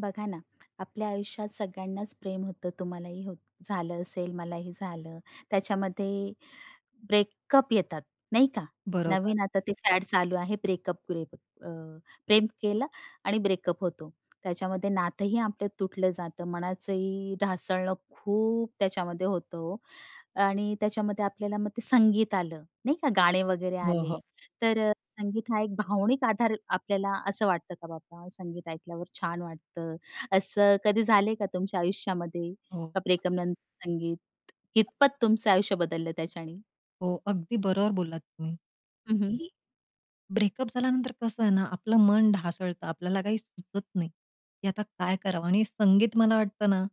बघा ना, आपल्या आयुष्यात सगळ्यांनाच प्रेम होतं, तुम्हालाही होत झालं असेल, मलाही झालं. त्याच्यामध्ये ब्रेकअप येतात, नाही का? बरोबर. नवीन आता ते फॅड चालू आहे ब्रेकअप-ग्रेकप अ, प्रेम केलं आणि ब्रेकअप होतो. त्याच्यामध्ये नातंही आपलं तुटलं जातं, मनाचंही ढासळणं खूप त्याच्यामध्ये होतं हो. आणि त्याच्यामध्ये आपल्याला मग ते संगीत आलं, नाही का? गाणी वगैरे हो, आली, हो. तर अ, संगीत हा एक भावनिक आधार. आपल्याला असं वाटतं का बाबा, संगीत ऐकल्यावर छान वाटतं? असं कधी झालंय का तुमच्या आयुष्यामध्ये, हो. का ब्रेकनंतर संगीत कितपत तुमचं आयुष्य बदललं त्याच्याने? हो. अगदी बरोबर बोललात तुम्ही हं, हं. की ब्रेकअप झाल्यानंतर कसं आहे ना, आपलं मन ढासळतं, आपल्याला काही सुचत नाही, की आता काय करावं? आणि संगीत मला वाटतं ना,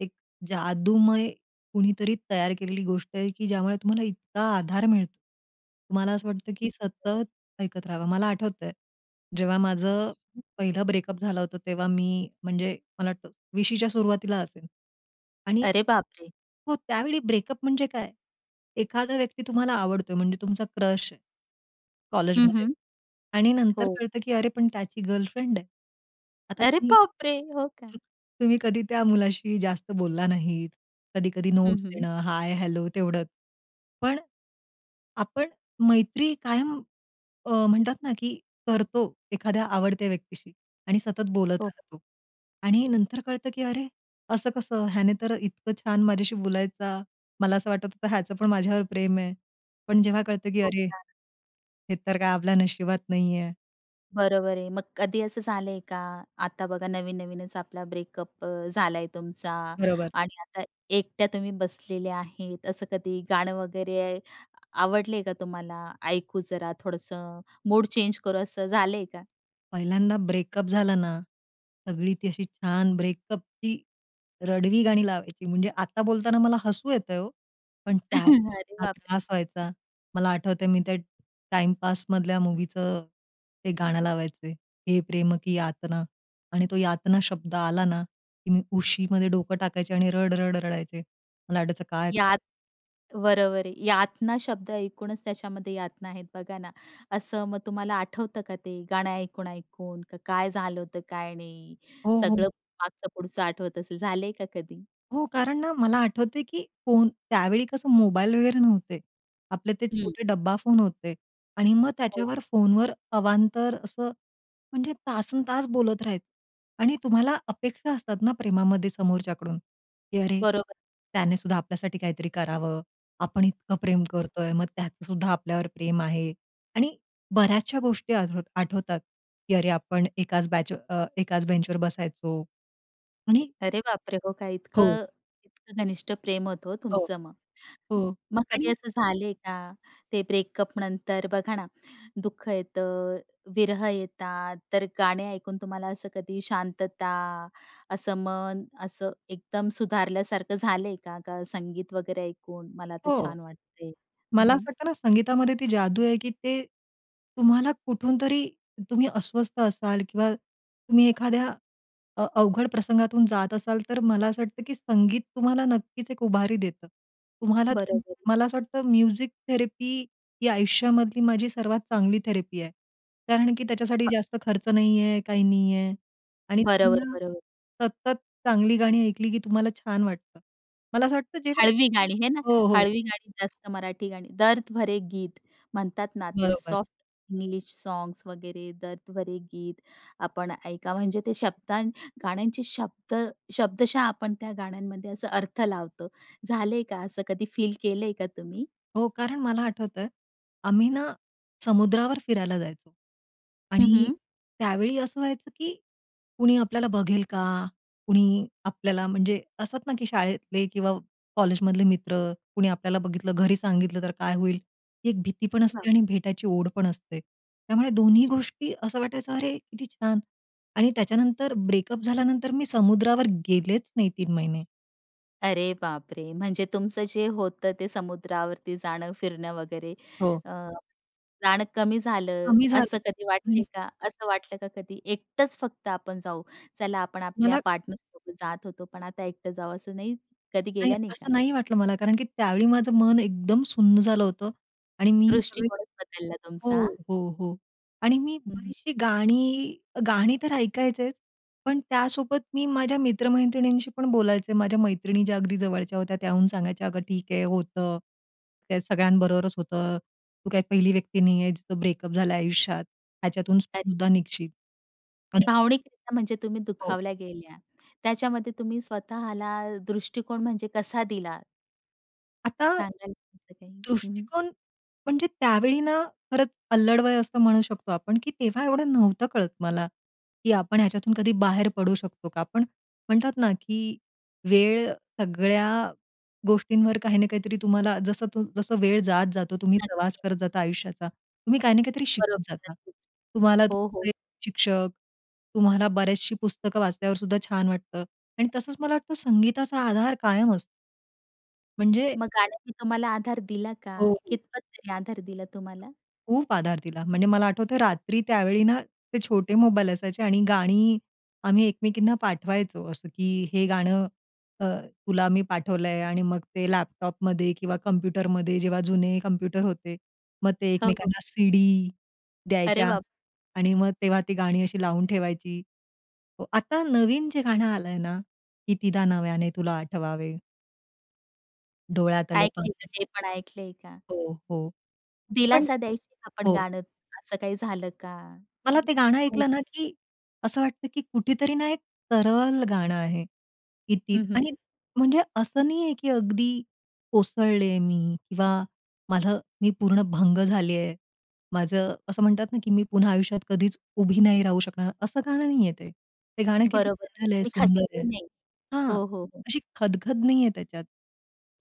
एक जादूमय कुणीतरी तयार केलेली गोष्ट आहे, की ज्यामुळे तुम्हाला इतका आधार मिळतो. तुम्हाला असं वाटतं, की सतत ऐकत राहावं. मला आठवतंय. जेव्हा माझं पहिलं ब्रेकअप झालं होतं, तेव्हा मी म्हणजे मला वाटतं 20च्या सुरुवातीला असेल. आणि अरे बाप रे! हो, त्यावेळी ब्रेकअप म्हणजे काय? एखादा व्यक्ती तुम्हाला आवडतोय, म्हणजे तुमचा क्रश आहे हं, कॉलेजमध्ये. हं, आणि नंतर हो. कळतं की अरे, पण त्याची गर्लफ्रेंड आहे. आता अरे तुम्ही बाप रे! हो का? तुम्ही कधी त्या मुलाशी जास्त बोलला नाहीत, कधी-कधी हं, नोट्स हं. देणं, हाय-हॅलो तेवढंच. पण आपण मैत्री कायम अ, म्हणतात ना, की करतो एखाद्या आवडत्या व्यक्तीशी आणि सतत बोलत हो. राहतो. आणि नंतर कळतं, की अरे, असं कसं? ह्याने तर इतकं छान माझ्याशी बोलायचा, मला असं वाटत होतं याचं पण माझ्यावर प्रेम आहे. पण जेव्हा कळतं, की खूप अरे, सारं. हे तर काय आपल्या नशिबात नाहीये. बरोबर आहे, मग कधी असं झालंय का? आता बघा नवीन-नवीनच आपला ब्रेकअप अ, झाला आहे तुमचा बरोबर. आणि आता एकट्या तुम्ही बसलेल्या आहेत, असं कधी गाणं वगैरे आवडलंय का तुम्हाला? "ऐकू जरा थोडंसं, मूड चेंज करू," असं झालंय का? पहिल्यांदा ब्रेकअप झालं ना, सगळी ती अशी छान ब्रेकअपची रडवी गाणी लावायची, म्हणजे आता बोलताना मला हसू येतंय हो, पण त्या अरे [unintelligible] इतका बापरे! त्रास व्हायचा. मला आठवतंय मी त्या टाईमपासमधल्या मूवीचं ते गाणं लावायचे हे प्रेम की यातना. आणि तो यातना शब्द आला ना, की मी उशीमध्ये डोकं टाकायचे आणि रड-रड रडायचे. मला वाटायचं काय यात बरोबर आहे. यातना शब्द ऐकूनच त्याच्यामध्ये यातना आहेत बघा ना, असं मग तुम्हाला आठवतं का ते गाणं ऐकून-ऐकून का काय झालं होतं, काय नाही. हो, हो. सगळं मागचं-पुढचं आठवत असेल, झालंय का कधी? हो, कारण ना मला आठवतंय की फोन, त्यावेळी कसं मोबाईल वगैरे नव्हते. आपले ते हं. छोटे डब्बा फोन होते आणि मग हो. त्याच्यावर फोनवर अवांतर असं, म्हणजे तासनतास बोलत राहायचे. आणि तुम्हाला अपेक्षा असतात ना, प्रेमामध्ये समोरच्याकडून, की "अरे! बरोबर. त्यानेसुद्धा आपल्यासाठी काहीतरी करावं, आपण इतकं प्रेम हं. करतोय, मग त्याचंसुद्धा आपल्यावर प्रेम आहे." आणि बऱ्याचशा गोष्टी आठव आठवतात, की "अरे आपण एकाच बॅच व अ, एकाच बेंचवर बसायचो." आणि अरे बापरे! हो का? हो. इतकं इतकं घनिष्ठ प्रेम होतं हो हो, तुमचं मग. हो. म मग कधी आणि असं झालंय का, ते ब्रेकअप नंतर बघा ना, दुःख येतं, विरह येतात, तर गाणे ऐकून तुम्हाला असं कधी शांतता, असं मन असं एकदम सुधारल्यासारखं झालंय का? का संगीत वगैरे ऐकून, "मला तर हो. छान वाटतय."? हं, मला असं हं. वाटतं ना, संगीतामध्ये ती जादू आहे की ते तुम्हाला कुठून तरी तुम्ही अस्वस्थ असाल किंवा तुम्ही एखाद्या अ, अवघड प्रसंगातून जात असाल, तर मला असं वाटतं की संगीत तुम्हाला नक्कीच एक उभारी देतं. तुम्हाला त बरोबर. मला असं वाटतं म्युझिक थेरपी ही आयुष्यामधली माझी सर्वात चांगली थेरपी आहे. कारण की त्याच्यासाठी हां. जास्त खर्च नाहीये, काही नाही आहे. आणि तुम्ही बरोबर, ना, बरोबर. सतत चांगली गाणी ऐकली की तुम्हाला छान वाटतं. मला असं वाटतं जेव्हा हळवी गाणी, है ना? हो, हो. हळवी गाणी, जास्त मराठी गाणी. दर्द भरे गीत! म्हणतात ना, ती बरोबर. सॉफ्ट इंग्लिश सॉन्ग्स वगैरे, दर्द भरे गीत, आपण ऐका म्हणजे ते शब्दा गाण्यांचे शब्द शब्दशः आपण त्या गाण्यांमध्ये असा अर्थ लावतो. झालंय का असं कधी फील केलंय का तुम्ही? हो, कारण मला आठवतं, आम्ही ना समुद्रावर फिरायला जायचो. हं, आणि हं. त्यावेळी असं व्हायचं, "की कुणी आपल्याला बघेल का? कुणी आपल्याला" म्हणजे असतात ना, की शाळेतले किंवा कॉलेजमधले मित्र, "कुणी आपल्याला बघितलं, घरी सांगितलं तर काय होईल?" ही एक भीती पण असते हां. आणि भेटायची ओढ पण असते. त्यामुळे दोन्ही गोष्टी असं वाटायचं "अरे, किती छान!" आणि त्याच्यानंतर ब्रेकअप झाल्यानंतर मी समुद्रावर गेलेच नाही 3 महिने. अरे बापरे, म्हणजे तुमचं जे होतं ते समुद्रावरती जाणं, फिरणं वगैरे, हो. अ, जाणं कमी झालं, कमी झालं, असं कधी वाटते आणि का? असं वाटलं का कधी, एकटंच फक्त आपण जाऊ? चला, आपण आपल्या मला पार्टनरसोबत जात होतो, पण आता एकटं जाऊ, असं नाही कधी नाही, गेल्या नाही का? असं नाही वाटलं मला. कारण की त्यावेळी माझं मन एकदम सुन्न झालं होतं. आणि मी सगळे दृष्टिकोनच बदलला हो, तुमचा? हो, हो आणि मी ह, हं. अशी गाणी, अ, गाणी तर ऐकायचेच, पण त्यासोबत मी माझ्या मित्र-मैत्रिणींशी पण बोलायचे. माझ्या मैत्रिणी ज्या अगदी जवळच्या होत्या, त्याहून सांगायच्या, अग, ठीक आहे, होतं, त्या सगळ्यांबरोबरच होतं. तू काही पहिली व्यक्ती नाही आहेस, जिचं ब्रेकअप झालं आयुष्यात. ह्याच्यातून अरे. सुद्धा निघशील. आणि भावनिकरित्या, म्हणजे तुम्ही हो. दुखावल्या गेल्या, त्याच्यामध्ये तुम्ही स्वतःला दृष्टिकोन म्हणजे कसा दिला? आता, सांगाल तुमचं काही? हं. दृष्टिकोन म्हणजे त्यावेळी ना खरंच अल्लड वय असतो, म्हणू शकतो आपण, की तेव्हा एवढं नव्हतं कळत मला, की आपण ह्याच्यातून कधी बाहेर पडू शकतो का? पण म्हणतात ना, की वेळ सगळ्या गोष्टींवर काही ना काहीतरी. तुम्हाला जसं जसं वेळ जातो, तुम्ही प्रवास नक्की. करत जाता आयुष्याचा, तुम्ही काही ना काहीतरी शिकत बरोबर, जाता. नक्कीच तुम्हाला हो, हो. तुमचे शिक्षक, तुम्हाला बरेच असे पुस्तकं वाचल्यावर सुद्धा छान वाटतं. आणि तसंच मला वाटतं, संगीताचा आधार कायम असतो. म्हणजे मग गाण्याने तुम्हाला आधार दिला का? हो, हो. कितपत तरी आधार दिला तुम्हाला? खूप आधार दिला, म्हणजे मला आठवतं रात्री त्यावेळी ना, ते छोटे मोबाईल असायचे आणि गाणी आम्ही एकमेकींना पाठवायचो, असं की हे गाणं अ, तुला मी पाठवलंय आणि मग ते लॅपटॉपमध्ये किंवा कॉम्प्युटरमध्ये जेव्हा जुने कम्प्युटर होते. मग ते हो, हो. एकमेकांना सीडी अरे द्यायच्या बाप! आणि मग तेव्हा ती गाणी अशी लावून ठेवायची. व आता नवीन जे गाणं आलंय ना, कितीदा नव्याने तुला आठवावे. डोळ्यातले ऐकली का पाणी. ते पण ऐकलंय का? हो, हो. पण दिलासा द्यायची आपण हो. गाणं असं काही झालं का? मला ते गाणं काही ऐकलं ना की असं वाटतं, की कुठेतरी ना एक तरल गाणं आहे. कितीत हं, आणि हं. म्हणजे असं नाही आहे, की अगदी कोसळले मी किंवा मला मी पूर्ण भंग झाले आहे. माझं असं म्हणतात ना, की मी पुन्हा आयुष्यात कधीच उभी नाही राहू शकणार, असं गाणं नाही आहे ते. ते गाणं किती बरोबर, तरल म्हणजे आहे, तुम्ही सुंदर आहे. खचली नाही. हां, हो, हो, हो. अशी खद-खद नाही आहे त्याच्यात.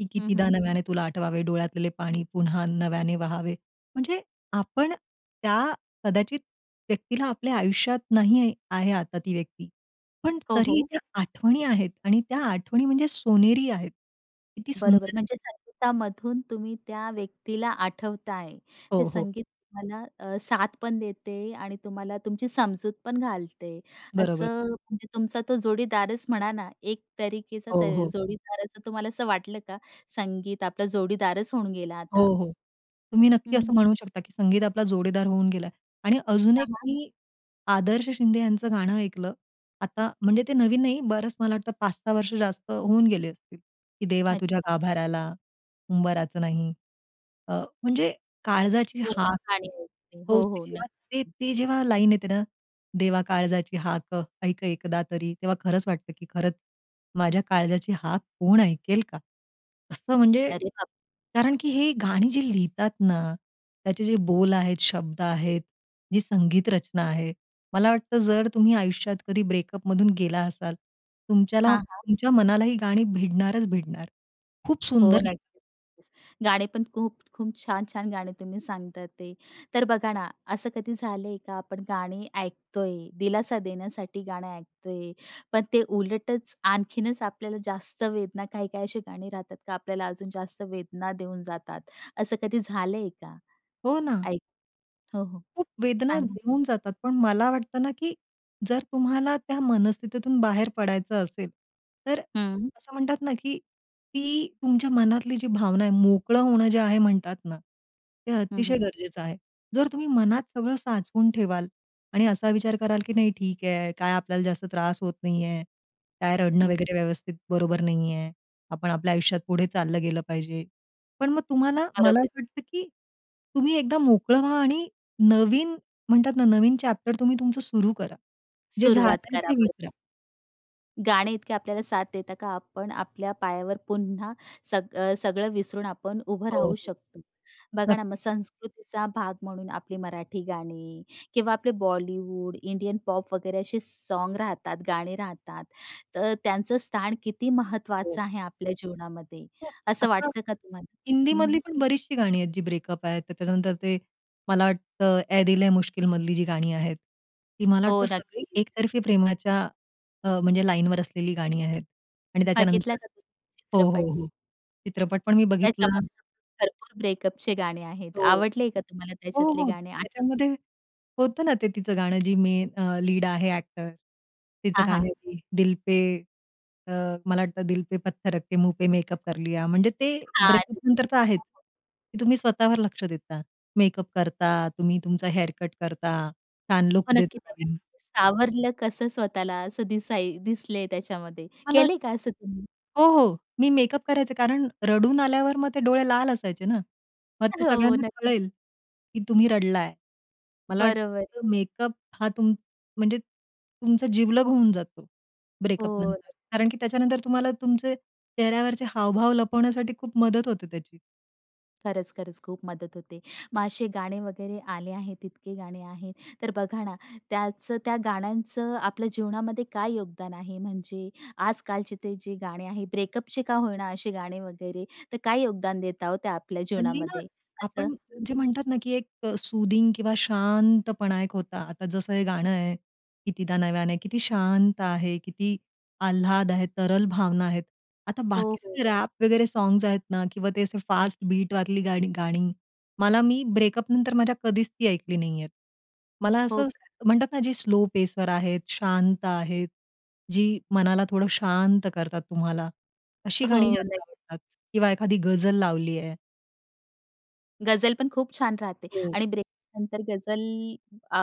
की हं, कितीदा हं. नव्याने तुला आठवावे डोळ्यातलेले पाणी पुन्हा नव्याने वाहावे. म्हणजे आपण त्या कदाचित व्यक्तीला आपल्या आयुष्यात नाही आहे आता ती व्यक्ती, पण हो, तरी हो. त्या आठवणी आहेत आणि त्या आठवणी म्हणजे सोनेरी आहेत. किती बरोबर, सुंदर आहे. म्हणजे संगीतामधून तुम्ही त्या व्यक्तीला आठवत आहे. ते हो, हो. संगीत तुम्हाला अ, साथ पण देते आणि तुम्हाला तुमची समजूत पण घालते. बरोबर. असं म्हणजे तुमचा तो जोडीदारच म्हणा ना, एक तरीकेचा त हो, हो. जोडीदाराचं तुम्हाला असं वाटलं का संगीत आपला जोडीदारच होऊन गेला हो, आता. हो. तुम्ही हं, नक्की हं. असं म्हणू शकता, की संगीत आपला जोडीदार होऊन गेला आणि अजून हां, एक हां. मी आदर्श शिंदे यांचं गाणं ऐकलं. आता, म्हणजे ते नवीन नाही, बरंच मला वाटतं 5-6 वर्ष जास्त होऊन गेले असतील, की देवा तुझ्या अच्छा. गाभाराला उंबराचं नाही. अ, म्हणजे काळजाची भरपूर हाक गाणी ऐकते. हो, [unintelligible] हो, जेव्हा ते, नक्कीच. ते जेव्हा लाईन येते ना, देवा काळजाची हाक ऐक एकदा तरी. तेव्हा खरंच वाटतं, की खरंच माझ्या काळजाची हाक कोण ऐकेल का? असं म्हणजे, अरे बाप! कारण की हे गाणी जी लिहितात ना, त्याचे जे बोल आहेत, शब्द आहेत, जी संगीत रचना आहे, मला वाटतं जर तुम्ही आयुष्यात कधी ब्रेकअपमधून गेला असाल, तुमच्याला हां, हां. तुमच्या मनाला ही गाणी भिडणारच भिडणार खूप हो, सुंदर लि नक्कीच गाणे पण खूप-खूप छान-छान गाणे तुम्ही सांगता ते. तर बघा ना, असं कधी झालंय का आपण गाणी ऐकतोय, दिलासा देण्यासाठी गाणे ऐकतोय, पण ते उलटच आणखीनच आपल्याला जास्त वेदना काही-काही अशी गाणी राहतात का आपल्याला अजून जास्त वेदना देऊन जातात, असं कधी झालंय का? हो ना. ऐक हो, हो, खूप वेदना सांगा. देऊन जातात, पण मला वाटतं ना, की जर तुम्हाला त्या मनस्थितीतून बाहेर पडायचं असेल, तर हं. असं म्हणतात ना, की ती तुमच्या मनातली जी भावना आहे, मोकळं होणं जे आहे म्हणतात ना, ते हं, अतिशय हं. गरजेचं आहे. जर तुम्ही मनात सगळं साचवून ठेवाल आणि असा विचार कराल, की नाही ठीक आहे, काय आपल्याला जास्त त्रास होत नाही आहे, काय रडणं हं. वगैरे व्यवस्थित बरोबर नाही आहे. आपण आपल्या आयुष्यात पुढे चाललं गेलं पाहिजे, पण मग तुम्हाला मला बरोबर. असं वाटतं, की तुम्ही एकदा मोकळं व्हा आणि नवीन म्हणतात ना नवीन चॅप्टर तुम्ही तुमचं सुरु करा. जे सुरुवात झालंय करा ते परत. विसरा. गाणे इतके आपल्याला साथ देतात का, आपण आपल्या पायावर पुन्हा सग अ, सगळं विसरून आपण उभं हो, राहू हो. शकतो? बघा ना, मग नक्की. संस्कृतीचा भाग म्हणून आपली मराठी गाणी किंवा आपले बॉलिवूड, इंडियन पॉप वगैरे असे सॉन्ग राहतात, गाणे राहतात. तर त्यांचं स्थान किती महत्त्वाचं हो. आहे आपल्या जीवनामध्ये, हं, असं आता. वाटतं का तुम्हाला? हं, हिंदीमधली हं. पण बरीचशी गाणी आहेत, जी ब्रेकअप आहेत. तर त्याच्यानंतर ते मला वाटतं, ऐ दिल है मुश्किल मधली जी गाणी आहेत, ती मला हो, वाटतं सगळी नक्कीच. एकतर्फी प्रेमाच्या, अ, म्हणजे लाईनवर असलेली गाणी आहेत. आणि बघितला त्याच्यानंतर का तुम्ही हो, हो, चित्रपट? हो. चित्रपट पण मी बघितला त्याच्यामध्ये ना, भरपूर ब्रेकअपचे गाणे आहेत. हो. आवडले का तुम्हाला हो, त्याच्यातले हो, गाणे? आठवतात का? त्याच्यामध्ये होतं ना ते तिचं गाणं, जी मेन अ, लीड आहे, एक्टर, तिचं हां, गाणं हां. आहे ते, दिल पे अ, मला वाटतं, दिल पे पत्थर रख के मुँह पे मेकअप कर लिया. म्हणजे ते हां, [unintelligible] हो, ब्रेकअपनंतर तर आहेच, हो, हो. की तुम्ही स्वतःवर लक्ष देता, मेकअप करता, तुम्ही तुमचा हेअरकट करता, छान हो, लूक नक्की देता, त्या, नवीन. [unintelligible] सावरलं कसं स्वतःला, असं दिसा दिसलंय त्याच्यामध्ये. मला केलंय का वाटतं असं तुम्ही? हो, हो, मी मेकअप करायचे. कारण रडून आल्यावर मग ते डोळे लाल असायचे ना, मग ते हो, सगळ्यांना नक्क कळेल, की तुम्ही रडला आहे. मला बरोबर आहे. वाटतं, मेकअप, हां, तुम म्हणजे तुमचा जिवलग होऊन जातो हो ब्रेकअपनंतर. ना. कारण की त्याच्यानंतर तुम्हाला तुमचे चेहऱ्यावरचे हावभाव लपवण्यासाठी खूप मदत होते त्याची. खरंच, खरंच. खूप मदत होते. मग असे गाणे वगैरे आले आहेत इतके गाणे आहेत, तर बघा ना त्याचं, त्या गाण्यांचं आपल्या जीवनामध्ये काय योगदान आहे? म्हणजे आजकालचे ते जे गाणे आहे, ब्रेकअपचे का होई ना, असे गाणे वगैरे, तर काय योगदान देता ओ त्या आपल्या हल्ली जीवनामध्ये असं? [unintelligible] ना, की एक अ, सूदिंग किंवा शांतपणा एक होता. आता जसं हे गाणं आहे, कितीदा नव्यानं किती शांत आहे, किती आल्हाद आहे, तरल भावना आहेत. आता हो, बाकीचे हो. जे रॅप वगैरे सॉंग्स आहेत ना किंवा ते असे फास्ट बीट वरली गाणी गाणी. मला मी ब्रेकअप नंतर माझ्या कधीच ती ऐकली नाहीयेत. मला हो असं का? म्हणतात ना जी स्लो पेसवर आहेत, शांत आहेत, जी मनाला थोडं शांत करतात तुम्हाला. अशी गाणी हो. जास्त आवडतात नक्कीच. किंवा एखादी गजल लावली आहे. गझल पण खूप छान राहते हो. आणि ब्रेकअप नंतर गझल अ,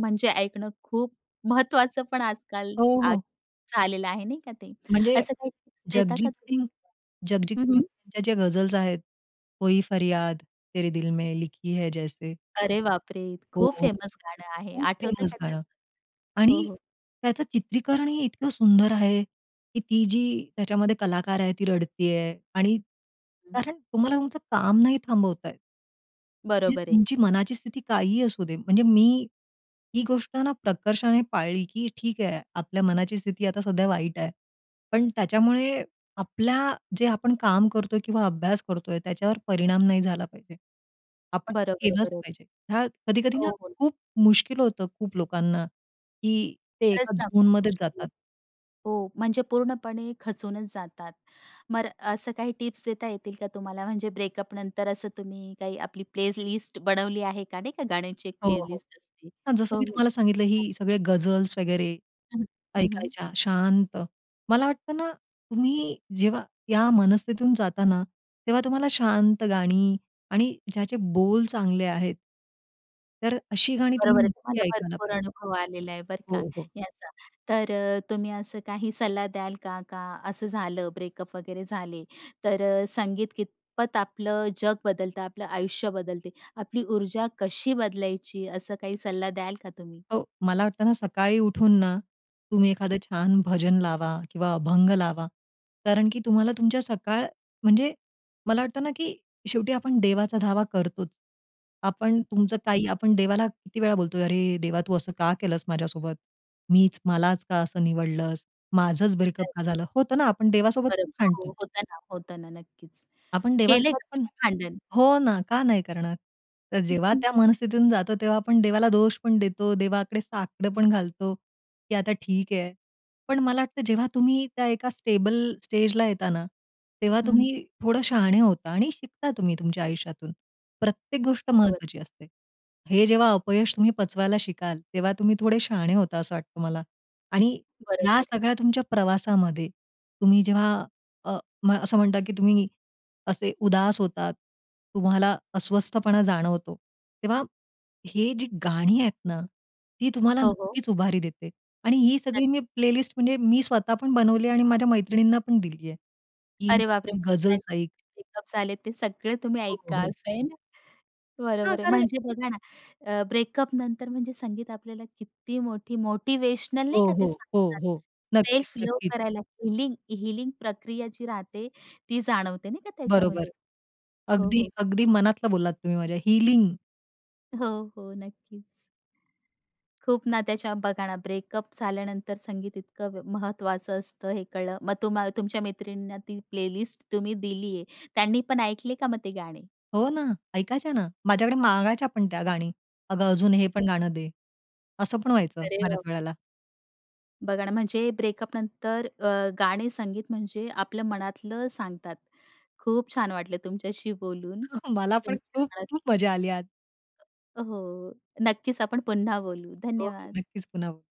म्हणजे ऐकणं खूप महत्त्वाचं, पण आजकाल हो, आ, हो. झालेलं आहे नाही का ते? म्हणजे असं काही टिप्स देता का जगजीत तुम्ही सिंह जगजीत पण? हं, सिंह हं. यांच्या ज्या गझल्स आहेत, कोई फरियाद, तेरे दिल में लिखी है जैसे. अरे बापरे! हो, खूप हो. फेमस गाणं आहे. खूप आठवतं फेमस का त्याचं? गाणं हो, आणि हो. त्याचं चित्रीकरणही इतकं सुंदर आहे, की ती जी त्याच्यामध्ये कलाकार आहे, ती रडती आहे आणि हं. कारण तुम्हाला तुमचं काम नाही थांबवता येत. म्हणजे बरोबर आहे. तुमची मनाची स्थिती काहीही असू दे, म्हणजे मी ही गोष्ट ना प्रकर्षाने पाळली, की ठीक आहे, आपल्या मनाची स्थिती आता सध्या वाईट आहे. पण त्याच्यामुळे आपल्या जे आपण काम करतोय किंवा अभ्यास करतोय, त्याच्यावर परिणाम नाही झाला पाहिजे. आपण ते बरोबर आहे, केलंच बरं. पाहिजे. हे कधी-कधी ना हो, पण. खूप मुश्किल होतं, खूप लोकांना, की ते खरंच एका ना, झोनमध्येच मुश्किल. जातात. हो, म्हणजे पूर्णपणे खचूनच जातात. मग असं काही टिप्स देता येतील का तुम्हाला? म्हणजे ब्रेकअपनंतर असं तुम्ही काही आपली प्लेलिस्ट बनवली आहे का? नाही का, गाण्याची एक हो, हो. प्लेलिस्ट असते. हां, जसं हो, मी हो. तुम्हाला सांगितलं, ही सगळे गझल्स वगैरे हं, हं, हं. ऐकायच्या, शांत. मला वाटतं ना, तुम्ही जेव्हा या मनस्थितीतून जाता ना, तेव्हा तुम्हाला शांत गाणी आणि ज्याचे बोल चांगले आहेत, तर अशी गाणी बरोबर तुम्ही आहे, नक्की तुम्हाला ऐकायला भरपूर पाहिजे. अनुभव आलेला आहे, बरं का, हो, हो. याचा. तर अ, तुम्ही असं काही सल्ला द्याल का? का असं झालं, ब्रेकअप वगैरे झाले, तर संगीत कितपत आपलं जग बदलतं, आपलं आयुष्य बदलते, आपली ऊर्जा कशी बदलायची, असं काही सल्ला द्याल का तुम्ही? हो, मला वाटतं ना, सकाळी उठून ना, तुम्ही एखादं छान भजन लावा किंवा अभंग लावा. कारण की तुम्हाला तुमच्या सकाळ, म्हणजे मला वाटतं ना, की शेवटी आपण देवाचा धावा करतोच. आपण तुमचं हं. काही, आपण देवाला किती वेळा बोलतोय, "अरे देवा, तू असं का केलंस माझ्यासोबत? मीच मलाच का असं निवडलंस? माझंच ब्रेकअप का अरे. झालं होतं ना?" आपण देवासोबत बरं, पण हो, भांडतो. होतं ना, होतं ना, नक्कीच. आपण केले देवासोबत का पण तुम्ही भांडण? हो, ना, का नाही करणार? तर जेव्हा त्या मनस्थितीतून जातो, तेव्हा आपण देवाला दोष पण देतो, देवाकडे साकडं पण घालतो, की आता ठीक आहे. पण मला वाटतं, जेव्हा तुम्ही त्या एका स्टेबल स्टेजला येता ना, तेव्हा हं, हं. तुम्ही थोडं शहाणे होता, आणि शिकता तुम्ही तुमच्या आयुष्यातून. प्रत्येक गोष्ट [unintelligible] महत्त्वाची असते. हे जेव्हा अपयश तुम्ही पचवायला शिकाल, तेव्हा तुम्ही थोडे शहाणे होता, असं वाटतं मला. आणि या बरोबर आहे. सगळ्या तुमच्या प्रवासामध्ये, तुम्ही जेव्हा, अ, असं म्हणतात, की तुम्ही असे उदास होतात, तुम्हाला अस्वस्थपणा जाणवतो, तेव्हा हे जी गाणी आहेत ना, ती तुम्हाला हो, हो. नक्कीच उभारी देते. आणि ही सगळी मी नक्कीच. प्लेलिस्ट, म्हणजे मी स्वतः पण बनवली आहे, आणि माझ्या मैत्रिणींना पण दिली आहे, की अरे बापरे, म्हणजे गझल्स ऐक ब्रेकअप्स आलेत, ते सगळं तुम्ही हो, ऐका, हो, हो. असं आहे ना, हां. बरोबर आहे. कारण म्हणजे बघा ना, अ, ब्रेकअपनंतर म्हणजे संगीत आपल्याला किती मोठी मोटिवेशनल हो, नाही का, ते हो, हो, सांगतात. हो. नक्कीच, सेल्फ लव्ह नक्कीच. करायला, हीलिंग हीलिंग प्रक्रिया जी राहते, ती जाणवते नाही का बरोबर. त्याच्यामध्ये? हो, अगदी, हो. अगदी, मनातलं बोललात तुम्ही माझ्या. हीलिंग. हो, हो. नक्कीच. खूप नात्याच्या, बघा ना, ब्रेकअप झाल्यानंतर संगीत इतकं म महत्त्वाचं असतं, हे कळलं. मग तुम्हाला तुमच्या मैत्रिणींना ती प्लेलिस्ट तुम्ही दिली आहे. त्यांनी पण ऐकले का मग ते गाणे? हो ना, ऐकायच्या ना. माझ्याकडे मागायच्या पण त्या गाणी. "अगं, अजून हे पण गाणं दे", असं पण व्हायचं अरे बऱ्याच बाप रे. वेळेला. बघा ना, म्हणजे ब्रेकअपनंतर, अ, गाणे, संगीत म्हणजे आपलं मनातलं सांगतात. खूप छान वाटलं तुमच्याशी बोलून, मला पण तुमच्या मनातलं खूप-खूप मजा आली आज. हो, हो, नक्कीच, आपण पुन्हा बोलू. हो, हो, धन्यवाद. नक्कीच, पुन्हा